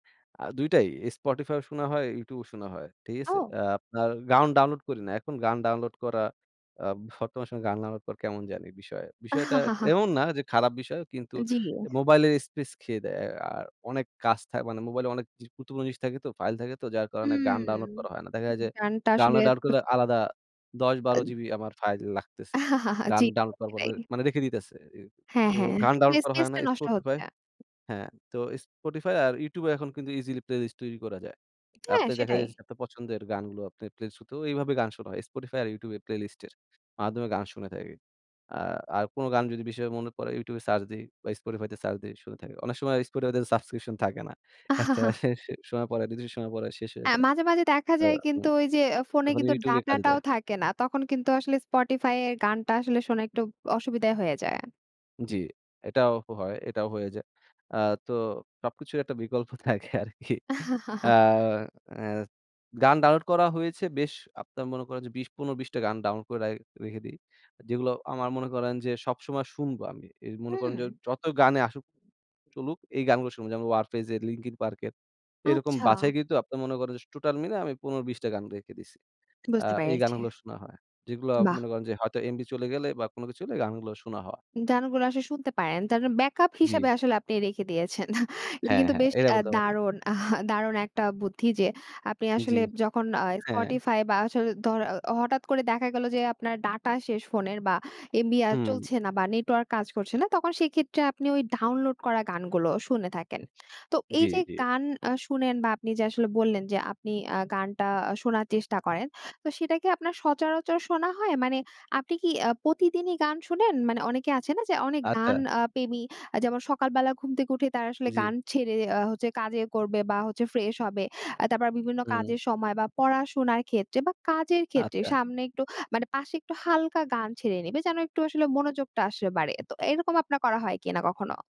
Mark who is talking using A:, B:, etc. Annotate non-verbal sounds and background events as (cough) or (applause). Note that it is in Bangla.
A: আ ২ টাই Spotify ও শোনা হয়, YouTube ও শোনা হয়। ঠিক আছে?
B: আও!
A: আ আপনার গান ডাউনলোড করি না। এখন গান ডাউনলোড করা আ বর্তমান সময়ে গান ডাউনলোড করা কেমন জানি বিষয়। বিষয়টা
B: (chuckles)
A: এমন না যে খারাপ বিষয় কিন্তু
B: জি।
A: মোবাইলের স্পেস খেয়ে দেয়। আর অনেক কাজ থাকে মানে মোবাইলে অনেক (unintelligible) জিনিস থাকে তো ফাইল থাকে তো যার কারণে
B: হুম,
A: গান ডাউনলোড করা হয় না। দেখা যায় যে
B: গানটা
A: গান
B: আসলে
A: ডাউনলোড করলে
B: (unintelligible)
A: আলাদা ১০-১২
B: আদ
A: জিবি আমার ফাইল লাগতেছে।
B: (chuckles)
A: গান
B: জি
A: ডাউনলোড করার পর
B: সেটাই।
A: মানে রেখে দিতেছে। এ
B: হ্যাঁ,
A: তো
B: হ্যাঁ,
A: গান ডাউনলোড করা
B: স্পেস
A: হয় না
B: টা নষ্ট
A: Spotify
B: হচ্ছে।
A: হ্যাঁ, তো Spotify আর YouTube এখন কিন্তু ইজিলি প্লেলিস্ট তৈরি করা যায়।
B: হ্যাঁ,
A: আপনার দেখা
B: সেটাই।
A: যাচ্ছে যে আপনার পছন্দের গানগুলো প্লেলিস্ট (unintelligible) এভাবে গান শোনা হয়। Spotify আর YouTube প্লেলিস্টের মাধ্যমে গান শুনে থাকি। আ আর কোন গান যদি বিষয় মনে পড়ে YouTube সার্চ দেই বা Spotify তে সার্চ দেই শুনে থাকি। অনেক সময় Spotify সাবস্ক্রিপশন থাকে না। একটা
B: (chuckles)
A: (unintelligible) সময় পরে কিছু সময় পরে শেষ হয়ে
B: এ্যা
A: যায়।
B: মাঝে, মাঝে, দেখা
A: আ
B: যায়
A: উ
B: কিন্তু ওই যে আ ফোনে
A: তখন
B: কিন্তু
A: YouTube এ কাজ
B: ডাটাটাও
A: দেয়।
B: থাকে না। তখন কিন্তু আসলে Spotify য়ের গানটা আসলে শোনা একটু অসুবিধা হয়ে যায়।
A: জ্বি। এটাও হয়, এটাও হয়ে যায়। আ তো সবকিছুর একটা বিকল্প থাকে আরকি আ
B: (chuckles)
A: আ গান ডাউনলোড করা হয়েছে বেশ আপনারা মনে করেন যে ২০ ১৫-২০ টা গান ডাউনলোড করে রাই রেখে দেই। যেগুলো আমার মনে করেন যে সবসময় শুনবো আমি। এ মনে করেন যে
B: হুম।
A: যত গানে আসুক চলুক এই গানগুলো শুনবো। যেমন 'ওয়ার ফেজ এর', 'লিঙ্কন পার্ক' এর এরকম
B: আচ্ছা।
A: বাছাই কিন্তু আপনারা মনে করেন যে টোটাল মিলে আমি ১৫-২০ টা গান রেখে দিয়েছি। আ
B: বুঝতে
A: এই
B: পেরেছি।
A: গানগুলো শোনা হয়। যেগুলো
B: বাহ!
A: মনে করেন যে হয়তো এমবি চলে গেলে বা কোন কিছু চলে গানগুলো শোনা হওয়া।
B: গান গুলো আসলে শুনতে পারেন। তার (unintelligible) ব্যাকআপ হিসেবে
A: জি।
B: আসলে আপনি রেখে দিয়েছেন। (chuckles) এটা
A: হ্যাঁ,
B: কিন্তু
A: হ্যাঁ,
B: বেশ
A: এটা
B: আ
A: বলতে পারেন।
B: দারুণ, (chuckles) দারুণ একটা বুদ্ধি যে আপনি
A: জি।
B: আসলে যখন আ
A: হ্যাঁ।
B: Spotify বা আসলে ধ হঠাৎ করে দেখা গেল যে আপনার ডাটা শেষ ফোনের বা এমবি আ
A: হুম।
B: চলছে না বা নেটওয়র্ক কাজ করছে না, তখন সেক্ষেত্রে আপনি ওই ডাউনলোড করা গানগুলো শুনে থাকেন তো এই
A: জি,
B: যে
A: জি।
B: গান আ শুনেন বা আপনি যে আসলে বললেন যে আপনি আ গানটা শোনার চেষ্টা করেন, তো সেটা কি আপনার সচরাচর শোনা হয়? মানে আপনি কি আ প্রতিদিনই গান শোনেন? মানে অনেকে আছে না যে অনেক গান
A: আচ্ছা।
B: আ প্রেমী আ যেমন সকালবেলা ঘুম থেকে উঠে তারা আসলে
A: জি।
B: গান ছেড়ে আ হচ্ছে কাজে করবে বা হচ্ছে ফ্রেশ হবে। আ তারপর বিভিন্ন
A: হুম।
B: কাজের সময় বা পড়াশোনার ক্ষেত্রে বা কাজের ক্ষেত্রে
A: আচ্ছা।
B: সামনে একটু, মানে পাশে একটু হালকা গান ছেড়ে নিবে, যেন একটু আসলে মনোযোগটা আসলে বাড়ে। তো এরকম আপনার করা হয় কিনা কখনো?